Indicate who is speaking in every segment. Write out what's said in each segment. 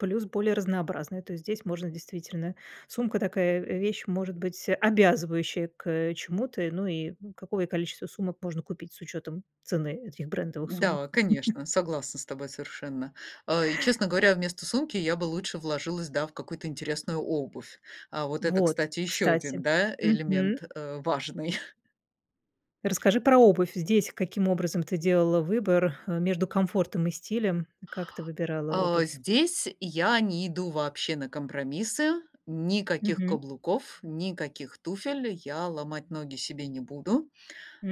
Speaker 1: Плюс более разнообразные. То есть здесь можно действительно сумка такая, э, вещь может быть обязывающая к, э, чему-то. Ну и какое количество сумок можно купить с учётом цены этих брендовых
Speaker 2: Да,
Speaker 1: сумок?
Speaker 2: конечно, согласна с тобой совершенно. Э, и, честно говоря, вместо сумки я бы лучше вложилась, да, в какую-то интересную обувь. А вот это,
Speaker 1: Вот.
Speaker 2: кстати, ещё
Speaker 1: Кстати.
Speaker 2: 1, да,
Speaker 1: Мгм.
Speaker 2: элемент, э, важный.
Speaker 1: Расскажи про обувь здесь, каким образом ты делала выбор, э, между комфортом и стилем? И как ты выбирала
Speaker 2: А,
Speaker 1: обувь?
Speaker 2: здесь я не иду вообще на компромиссы. Никаких
Speaker 1: Мгм.
Speaker 2: каблуков, никаких туфель. Я ломать ноги себе не буду.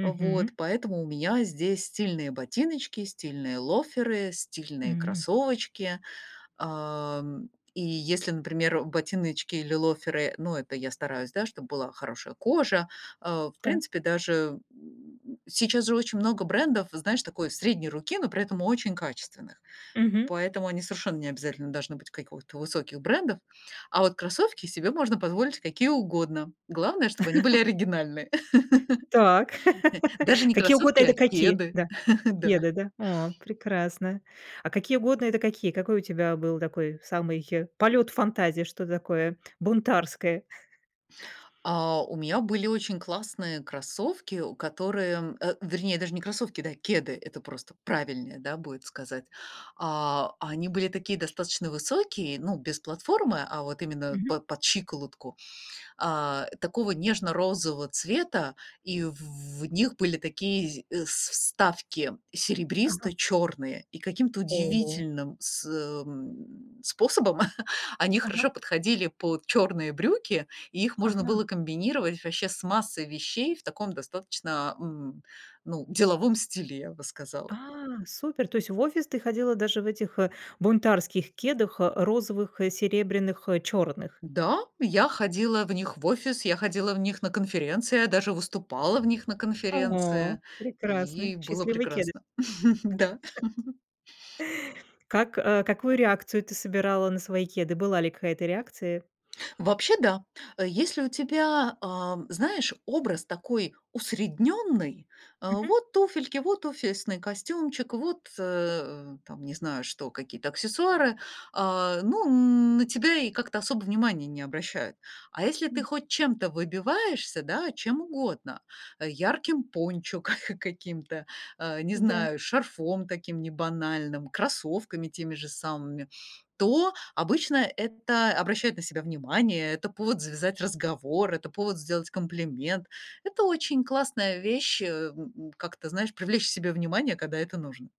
Speaker 2: Вот поэтому у меня здесь стильные ботиночки, стильные лоферы, стильные
Speaker 1: М.
Speaker 2: кроссовочки. Ам, и если, например, ботиночки или лоферы, ну, это я стараюсь, да, чтобы была хорошая кожа, э, в
Speaker 1: Да.
Speaker 2: принципе, даже, м, сейчас же очень много брендов, знаешь, такой средней руки, но при этом очень качественных,
Speaker 1: Мгм.
Speaker 2: поэтому они совершенно не обязательно должны быть какого-то высоких брендов, а вот кроссовки себе можно позволить какие угодно, главное, чтобы они были оригинальные.
Speaker 1: Так,
Speaker 2: Даже не
Speaker 1: какие угодно-
Speaker 2: кроссовки,
Speaker 1: это
Speaker 2: а
Speaker 1: какие?
Speaker 2: кеды.
Speaker 1: Да?
Speaker 2: Да.
Speaker 1: Кеды, да? О, прекрасно. А какие угодно- это какие? Какой у тебя был такой самый полёт фантазии, что-то такое бунтарское?
Speaker 2: А у меня были очень классные кроссовки, о которые э, вернее даже не кроссовки, да, кеды, это просто правильнее, да, будет сказать. А, они были такие достаточно высокие, ну, без платформы, а вот именно
Speaker 1: Мгм.
Speaker 2: под под щиколотку, а, такого нежно-розового цвета, и в в в них были такие зи с вставки
Speaker 1: Ага.
Speaker 2: серебристо-чёрные, и каким-то
Speaker 1: Ого!
Speaker 2: удивительным сы эм, способом они
Speaker 1: Ага.
Speaker 2: хорошо подходили под чёрные брюки, и их можно
Speaker 1: Ага.
Speaker 2: было комбинировать вообще с массой вещей в таком достаточно, м, ну, деловом стиле, я бы сказала.
Speaker 1: А, супер, то есть в офис ты ходила даже в этих, э, бунтарских кедах: э, розовых, э, серебряных, э, чёрных?
Speaker 2: Да, я ходила в них в офис, я ходила в них на конференции, я даже выступала в них на
Speaker 1: О!
Speaker 2: конференции, и
Speaker 1: Прекрасный,
Speaker 2: было
Speaker 1: счастливый кеды.
Speaker 2: прекрасно. Да.
Speaker 1: Как, э какую реакцию ты собирала на свои кеды? Была ли какая-то реакция?
Speaker 2: Вообще, да, э, если у тебя, а, знаешь, образ такой усредненный: э,
Speaker 1: Мгм.
Speaker 2: вот туфельки, вот офисный костюмчик, вот, э, там, не знаю, что, какие-то аксессуары- а, ну, на тебя и как-то особо внимания не обращают. А если ты
Speaker 1: Мгм.
Speaker 2: хоть чем-то выбиваешься, да, чем угодно: ярким пончо ка каким-то, э, не
Speaker 1: Да.
Speaker 2: знаю, шарфом таким небанальным, кроссовками теми же самыми- то обычно это обращает на себя внимание, это повод завязать разговор, это повод сделать комплимент. Это очень классная вещь, э, м, как-то, знаешь, привлечь к себе внимание, когда это нужно.